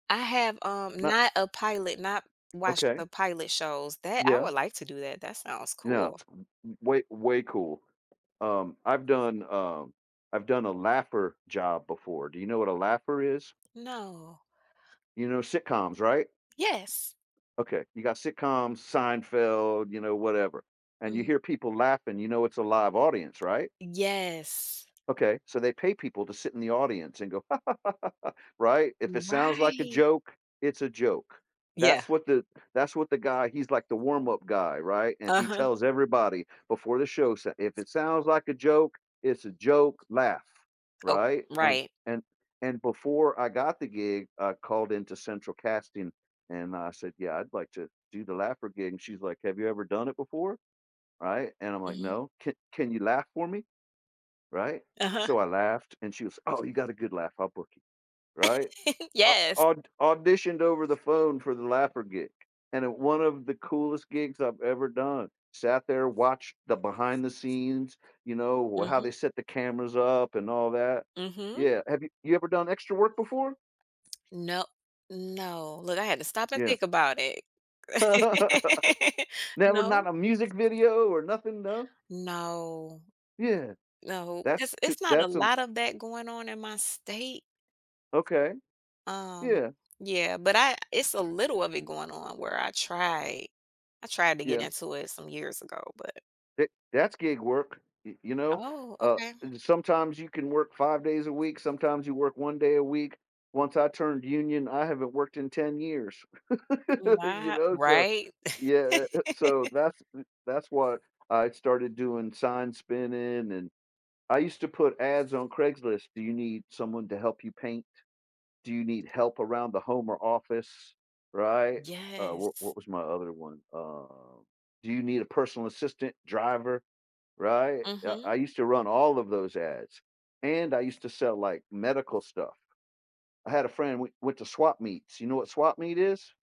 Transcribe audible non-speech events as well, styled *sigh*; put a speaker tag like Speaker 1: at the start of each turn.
Speaker 1: I have, um,
Speaker 2: *unintelligible*
Speaker 1: not a pilot, not watched
Speaker 2: Okay.
Speaker 1: the pilot shows that I
Speaker 2: Yeah.
Speaker 1: would like to do that. That sounds
Speaker 2: Yeah,
Speaker 1: cool.
Speaker 2: it's w w way way cool. Um, I've done, um I've done a laugher job before. Do you know what a laugher is?
Speaker 1: No.
Speaker 2: You know, sitcoms, right?
Speaker 1: Yes.
Speaker 2: Okay, you got sitcoms, Seinfeld, you know, whatever, and you
Speaker 1: Mm
Speaker 2: hear people laughing, you know it's a live audience, right?
Speaker 1: Yes.
Speaker 2: Okay, so they pay people to sit in the audience and go ha ha ha ha ha, right? If it sounds like a
Speaker 1: Right.
Speaker 2: joke, it's a joke.
Speaker 1: Yeah,
Speaker 2: That's what the that's what the guy he's like the warm-up guy, right? And he
Speaker 1: Uh-huh.
Speaker 2: tells everybody before the show, if it sounds like a joke, it's a joke, laugh,
Speaker 1: Oh,
Speaker 2: right? And
Speaker 1: right.
Speaker 2: and and, before I got the gig, I called into central casting and I said, yeah, I'd like to do the laugher gig, and she's like, have you ever done it before, right? And I'm like,
Speaker 1: Mhm.
Speaker 2: no, ca can you laugh for me? Right,
Speaker 1: Uh-huh
Speaker 2: so I laughed and she was, oh, you got a good laugh, I'll book you, right?
Speaker 1: *laughs*
Speaker 2: I au
Speaker 1: Yes
Speaker 2: au auditioned over the phone for the laugher gig, and one of the coolest gigs I've ever done, sat there, watched the behind the scenes, you know, how they
Speaker 1: Mhm.
Speaker 2: set the cameras up and all that.
Speaker 1: Mhm.
Speaker 2: Yeah, have you you ever done extra work before?
Speaker 1: No. No, look, I had to stop and
Speaker 2: Yeah.
Speaker 1: think about it
Speaker 2: *laughs*
Speaker 1: *laughs*
Speaker 2: Never
Speaker 1: No.
Speaker 2: not a music video or nothing, no?
Speaker 1: No.
Speaker 2: Yeah,
Speaker 1: No,
Speaker 2: that's
Speaker 1: 'cause
Speaker 2: to
Speaker 1: it's not a
Speaker 2: that's a
Speaker 1: lot of that going on in my state.
Speaker 2: Okay.
Speaker 1: Um,
Speaker 2: Yeah.
Speaker 1: yeah, but I it's a little of it going on where I try I tried to get
Speaker 2: Yeah.
Speaker 1: into it some years ago, but
Speaker 2: Eh that's gig work, y you know,
Speaker 1: Oh,
Speaker 2: uh,
Speaker 1: okay.
Speaker 2: sometimes you can work 5 days a week, sometimes you work 1 day a week. Once I turned union, I haven't worked in 10 years, *laughs* you
Speaker 1: Wo
Speaker 2: know, so
Speaker 1: Right
Speaker 2: yeah, so
Speaker 1: *laughs*
Speaker 2: that's that's what I started doing sign spinning and I used to put ads on Craigslist. Do you need someone to help you paint? Do you need help around the home or office, right? Uh, wha
Speaker 1: Yes.
Speaker 2: what was my other one? Um, do you need a personal assistant, driver, right? Yeah,
Speaker 1: Mhm.
Speaker 2: I I used to run all of those ads, and I used to sell like medical stuff I had a friend we went to swap meets. You know what swap meet is?